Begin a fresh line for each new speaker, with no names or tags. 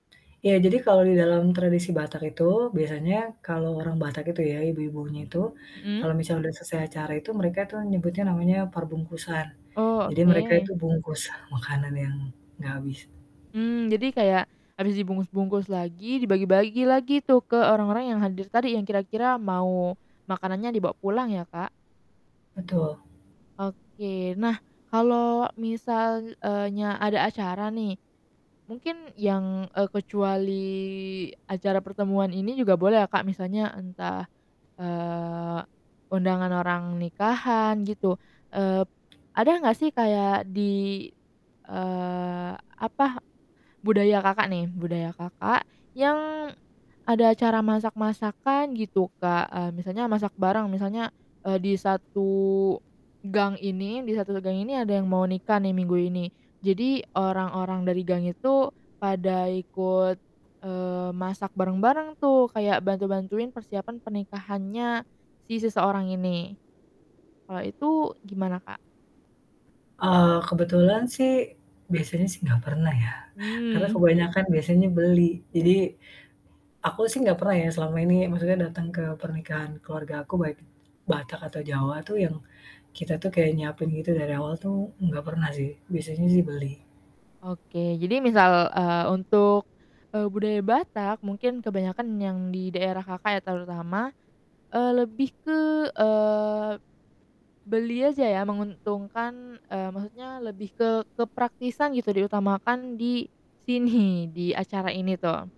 Iya, jadi kalau di dalam tradisi Batak itu biasanya kalau orang Batak itu ya ibu-ibunya itu,
Mhm?
kalau misalnya udah selesai acara itu mereka tuh nyebutnya namanya parbungkusan.
Oh,
Jadi mereka itu
oke.
bungkus makanan yang gak habis.
Mmm, jadi kayak habis dibungkus-bungkus lagi, dibagi-bagi lagi tuh ke orang-orang yang hadir tadi yang kira-kira mau makanannya dibawa pulang ya, Kak?
Betul.
Oke. Nah, kalo misal, eee, nya ada acara nih mungkin yang, e kecuali acara pertemuan ini juga boleh ya, Kak? Misalnya entah, eee, undangan orang nikahan gitu, eee, ada nggak sih kayak di, eee, apa, budaya Kakak nih, budaya Kakak, yang ada cara masak-masakan gitu, Kak? E misalnya masak bareng misalnya, e di satu gang ini di satu se gang ini ada yang mau nikah nih minggu ini, jadi orang-orang dari gang itu pada ikut, eee, masak bareng-bareng tuh, kayak bantu-bantuin persiapan pernikahannya si seseorang ini, kalau itu gimana, Kak?
Eee, kebetulan sih biasanya sih gak pernah ya, karena
Hmm.
kebanyakan biasanya beli. Jadi, aku sih gak pernah ya selama ini maksudnya dateng ke pernikahan keluargaku, baik Batak atau Jawa tuh yang kita tuh kayak nyiapin gitu dari awal tuh, enggak pernah sih, biasanya sih beli.
Oke, jadi misal, eee, untuk, e budaya Batak mungkin kebanyakan yang di daerah Kakak, ya terutama, eee, lebih ke, eee, beli aja ya menguntungkan, eee, maksudnya lebih ke kepraktisan gitu diutamakan di sini? Di acara ini tuh.